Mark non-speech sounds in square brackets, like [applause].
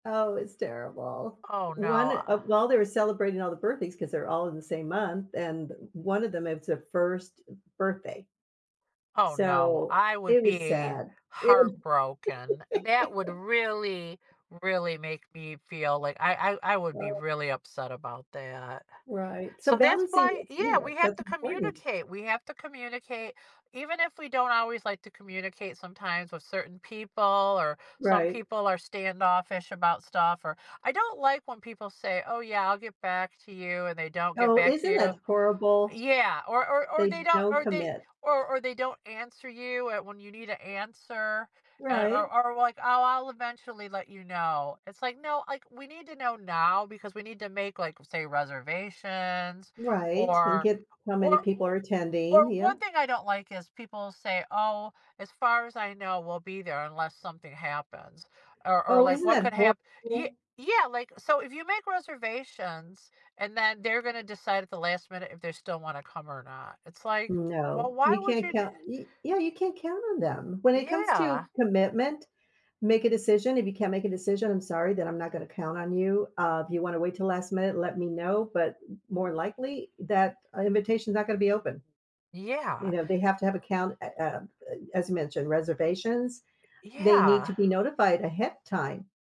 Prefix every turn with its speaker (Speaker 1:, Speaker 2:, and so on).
Speaker 1: Oh, it's terrible.
Speaker 2: Oh,
Speaker 1: One,
Speaker 2: no
Speaker 1: uh
Speaker 2: [sighs]
Speaker 1: while they were celebrating all the birthdays, 'cause they're all in the same month, and one of them, it's a 1st birthday.
Speaker 2: Oh, no.
Speaker 1: So,
Speaker 2: I would
Speaker 1: it was
Speaker 2: be
Speaker 1: sad. It
Speaker 2: heartbroken. That would
Speaker 1: [laughs]
Speaker 2: really, really make me feel like I I I would be
Speaker 1: Well
Speaker 2: really upset about that.
Speaker 1: Right. So,
Speaker 2: So, that's
Speaker 1: balancing,
Speaker 2: why
Speaker 1: you
Speaker 2: yeah, we
Speaker 1: know,
Speaker 2: have
Speaker 1: that's
Speaker 2: to
Speaker 1: important.
Speaker 2: communicate, we have to communicate even if we don't always like to communicate sometimes with certain people, or some
Speaker 1: Right.
Speaker 2: people are standoffish about stuff, or I don't like when people say, "Oh yeah, I'll get back to you," and they don't get
Speaker 1: Oh,
Speaker 2: back to
Speaker 1: isn't that
Speaker 2: you
Speaker 1: horrible?
Speaker 2: Yeah. Or or or
Speaker 1: They
Speaker 2: they don't,
Speaker 1: don't
Speaker 2: or they
Speaker 1: commit.
Speaker 2: or or they don't answer you at when you need an answer and or
Speaker 1: Right.
Speaker 2: or, like, "Oh, I'll eventually let you know." It's, like, "No, like, we need to know now because we need to make," like, say, "reservations,"
Speaker 1: Right, and
Speaker 2: or,
Speaker 1: get how many
Speaker 2: o
Speaker 1: people are
Speaker 2: o
Speaker 1: attending
Speaker 2: or
Speaker 1: yeah.
Speaker 2: one thing I don't like is people say, "Oh, as far as I know we'll be there unless something happens." Or or
Speaker 1: Oh,
Speaker 2: like
Speaker 1: isn't
Speaker 2: what
Speaker 1: that
Speaker 2: could hap Y
Speaker 1: horrible?
Speaker 2: yeah, like So, if you make reservations and then they're gonna decide at the last minute if they still wanna come or not. It's, like, "Well,
Speaker 1: No.
Speaker 2: why
Speaker 1: You
Speaker 2: would
Speaker 1: can't
Speaker 2: you d"
Speaker 1: count Y yeah, you can't count on them. When it comes to
Speaker 2: Yeah.
Speaker 1: commitment, make a decision if you can't make a decision, I'm sorry, then I'm not gonna count on you. Uh, if you wanna wait till last minute, let me know, but m more likely that invitation's not gonna be
Speaker 2: Mhm.
Speaker 1: open. You
Speaker 2: Yeah.
Speaker 1: know, they have to have a count, ah, uh, uh, as you mentioned, reservations. They need to
Speaker 2: Yeah.
Speaker 1: be notified ahead of time.